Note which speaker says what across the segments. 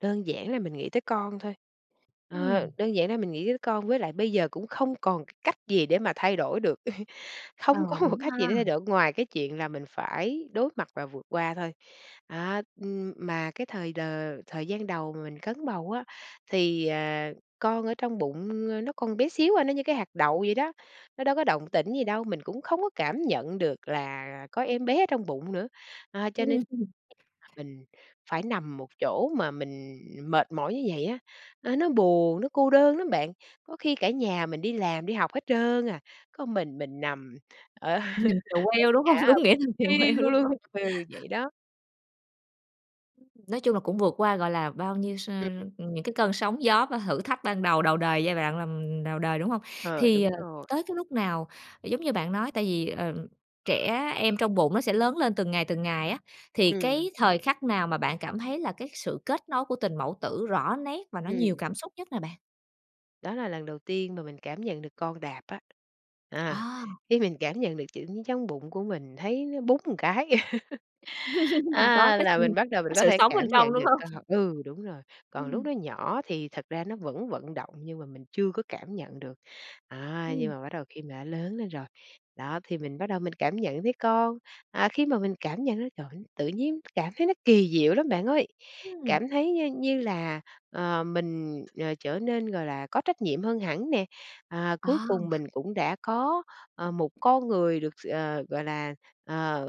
Speaker 1: Đơn giản là mình nghĩ tới con thôi, ờ,
Speaker 2: Ừm.
Speaker 1: đơn giản là mình nghĩ tới con với lại bây giờ cũng không còn cái cách gì để mà thay đổi được,
Speaker 2: Ờ,
Speaker 1: không có một
Speaker 2: đúng
Speaker 1: cách gì
Speaker 2: ha.
Speaker 1: để thay đổi ngoài cái chuyện là mình phải đối mặt và vượt qua thôi. À, ừm, mà cái thời đ thời gian đầu mà mình cấn bầu á thì, ờ, con ở trong bụng, ơ, nó còn bé xíu à, nó như cái hạt đậu vậy đó, nó đâu có động tĩnh gì đâu, mình cũng không có cảm nhận được là có em bé ở trong bụng nữa. À, cho nên
Speaker 2: Ừm.
Speaker 1: [unintelligible] mình phải nằm một chỗ mà mình mệt mỏi như vậy á, nó nó buồn, nó cô đơn lắm bạn, có khi cả nhà mình đi làm đi học hết trơn à, có mình mình nằm, ờ, ở
Speaker 2: Nằm chèo queo, đúng
Speaker 1: nhà
Speaker 2: hông?
Speaker 1: á
Speaker 2: Đúng nghĩa
Speaker 1: buồn
Speaker 2: nằm chèo queo
Speaker 1: thiu
Speaker 2: đúng
Speaker 1: luôn.
Speaker 2: hông?
Speaker 1: Ừ, vậy đó.
Speaker 2: Ừm. Nói chung là cũng vượt qua, gọi là, bao nhiêu s
Speaker 1: Ừm.
Speaker 2: ừm, những cái cơn sóng gió và thử thách ban đầu, đầu đời, giai đoạn làm đầu đời, đúng hông?
Speaker 1: Ờ,
Speaker 2: Thì,
Speaker 1: đúng
Speaker 2: ờ,
Speaker 1: rồi.
Speaker 2: tới cái lúc nào? Giống như bạn nói, tại vì, ờ, trẻ em trong bụng nó sẽ lớn lên từng ngày từng ngày á, thì
Speaker 1: Ừm.
Speaker 2: cái thời khắc nào mà bạn cảm thấy là cái sự kết nối của tình mẫu tử rõ nét và nó nhiều
Speaker 1: Ừm.
Speaker 2: cảm xúc nhất nè bạn?
Speaker 1: Đó là lần đầu tiên mà mình cảm nhận được con đạp á. À,
Speaker 2: À.
Speaker 1: khi mình cảm nhận được tự nhiên trong bụng của mình thấy nó búng một cái,
Speaker 2: Có
Speaker 1: à,
Speaker 2: cái s
Speaker 1: là mình bắt đầu mình
Speaker 2: cái
Speaker 1: có
Speaker 2: sự
Speaker 1: thể
Speaker 2: sống bên
Speaker 1: cảm
Speaker 2: trong,
Speaker 1: nhận
Speaker 2: đúng
Speaker 1: được con.
Speaker 2: hông?
Speaker 1: Ừ, đúng rồi, còn lúc
Speaker 2: Ừm.
Speaker 1: nó nhỏ thì thật ra nó vẫn vận động nhưng mà mình chưa có cảm nhận được. À, nhưng
Speaker 2: Ừm.
Speaker 1: mà bắt đầu khi mà nó lớn lên rồi, đó, thì mình bắt đầu mình cảm nhận thấy con. À, khi mà mình cảm nhận nó, trời ơi, tự nhiên cảm thấy nó kỳ diệu lắm bạn ơi.
Speaker 2: Ừm.
Speaker 1: Cảm thấy như như là, ờ, mình, ờ, trở nên, gọi là, có trách nhiệm hơn hẳn nè, à, cuối cùng
Speaker 2: À.
Speaker 1: mình cũng đã có, ờ, một con người được s ờ, gọi là, ờ,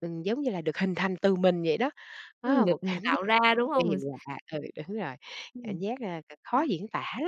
Speaker 1: ừm, giống như là được hình thành từ mình vậy đó. Đó
Speaker 2: Ừm,
Speaker 1: là một
Speaker 2: được mình
Speaker 1: cảm giác
Speaker 2: tạo ra, đúng hông?
Speaker 1: kỳ
Speaker 2: Mình s
Speaker 1: lạ. Ừ, đúng rồi, cảm
Speaker 2: Ừm.
Speaker 1: giác, ờ, c khó
Speaker 2: Quá
Speaker 1: diễn tả lắm.